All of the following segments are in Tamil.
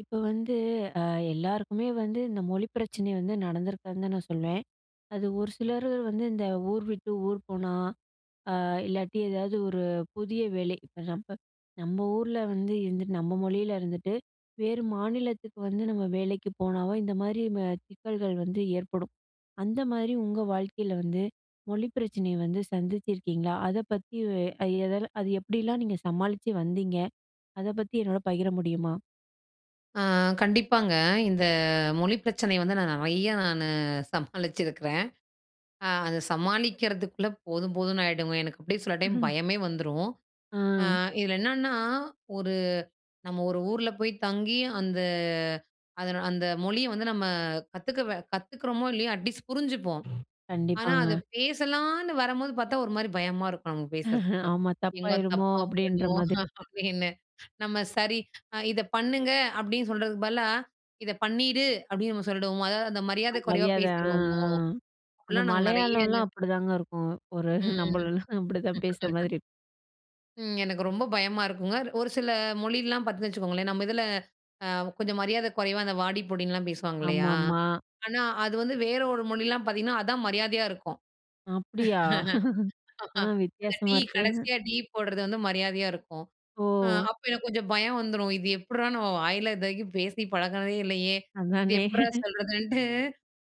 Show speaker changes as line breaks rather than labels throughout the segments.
இப்ப வந்து, அ எல்லாருக்குமே வந்து இந்த மொழி பிரச்சனை வந்து நடந்திருக்காதுன்னு தான் நான் சொல்வேன். அது ஒரு சிலரு வந்து இந்த ஊர் விட்டு ஊர் போனா, அ இல்லாட்டி ஏதாவது ஒரு புதிய வேலை இப்ப நம்ப நம்ம ஊர்ல வந்து இருந்துட்டு, நம்ம மொழியில இருந்துட்டு வேறு மாநிலத்துக்கு வந்து நம்ம வேலைக்கு போனாவோ, இந்த மாரி ம சிக்கல்கள் வந்து ஏற்படும். அந்த மாரி உங்க வாழ்க்கையில வந்து, மொழி பிரச்சனையை வந்து சந்திச்சுருக்கீங்களா? அத பத்தி வ் அ எதல அது எப்படில்லாம் நீங்க சமாளிச்சு வந்தீங்க? அத பத்தி என்னோட பகிர முடியுமா?
ஆ கண்டிப்பாங்க. இந்த மொழி பிரச்சனை வந்து நான் நெறைய நானு சமாளிச்சிருக்கிறேன். அ அத சமாளிக்கிறதுக்குள்ள போதும் போதும்ன்னு ஆயிடுங்க. எனக்கு அப்படியே சில டைம்
ம்ஹ்ம்.
பயமே வந்துரும். அ
ம்.
இதுல என்னான்னா, ஒரு நம்ம 1 ஊர்ல போய் தங்கி, அந்த அதன் அந்த மொழிய வந்து நம்ம கத்துக்கவ கத்துக்குறோமோ, இல்லையோ அட்லீஸ்ட் புரிஞ்சிப்போம். ஆனா, அத
கண்டிப்பாங்க.
பேசலான்னு வரம்போது பார்த்தா ஒரு மாரி பயமா இருக்கும், நமக்கு பேசுறதுக்கு.
ஆமா.
"எங்க
"தப்பாயிடுமோ?"
தப்பா
அப்படீன்ற
போய்டுமோ?"
மாதிரி.
அப்படீன்னு. நம்ம சரி, அ "இத பண்ணுங்க." அப்படீன்னு சொல்றதுக்கு பதிலா, "இத பண்ணீடு." அப்படீன்னு நம்ம சொல்லிடுவோமோ? அதாவது அந்த
அ
மரியாதை குறைவா
மரியாதை. ஆ,
பேசிருவோமோ?
ஆ. அந்த
அப்படிலாம் நாங்க நெறைய
மலையாளம்லாம்
[unintelligible]
அப்படிதாங்க இருக்கும். ஒரு
ம்.
நம்பளலாம் அப்படிதான் பேசுற
[unintelligible]
மாதிரி இருக்
ம். எனக்கு ரொம்ப பயமா இருக்கும்ங்க. ஒரு சில மொழியல்லாம் பார்த்தீங்கன்னு வச்சுக்கோங்களேன், நம்ப இதுல அ கொஞ்சம் மரியாதை கொறைவா அந்த வாடி, போடின்னுலாம் பேசுவாங்க இல்லையா?
ஆமாம்மா.
ஆனா அது வந்து வேற ஒரு மொழியில்லாம் பார்த்தீங்கன்னா, அதான் மரியாதையா இருக்கும்.
அப்படியா! ஆ
அந்த
வித்தியாசமா
'டீ'
இருக்கு.
கடைசியா 'டீ' போடுறது வந்து மரியாதையா இருக்கும். அ
ஓ!
அப்போ எனக்கு கொஞ்சம் பயம் வந்துரும். இது எப்புடுறா? நம்ம வாயில இது வரைக்கும் பேசி பழகினதே இல்லையே, இது
அதானே.
எப்புட்றா சொல்றதுன்ட்டு.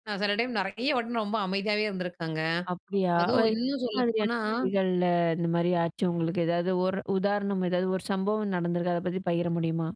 நான் சில டைம் நெறைய வாட்டி ரொம்ப அமைதியாவே இருந்துருக்கங்க.
அப்படியா!
அதுவும்
ஓய்
இன்னும்
எந்த மாதிரியான
சொல்லப்போனா
[unintelligible] இந்த மாரி ஆச்சு உங்களுக்கு? எதாவது 1 உதாரணம். ஏதாவது 1 சம்பவம் நடந்திருக்கு. அத பத்தி பகிர முடியுமா?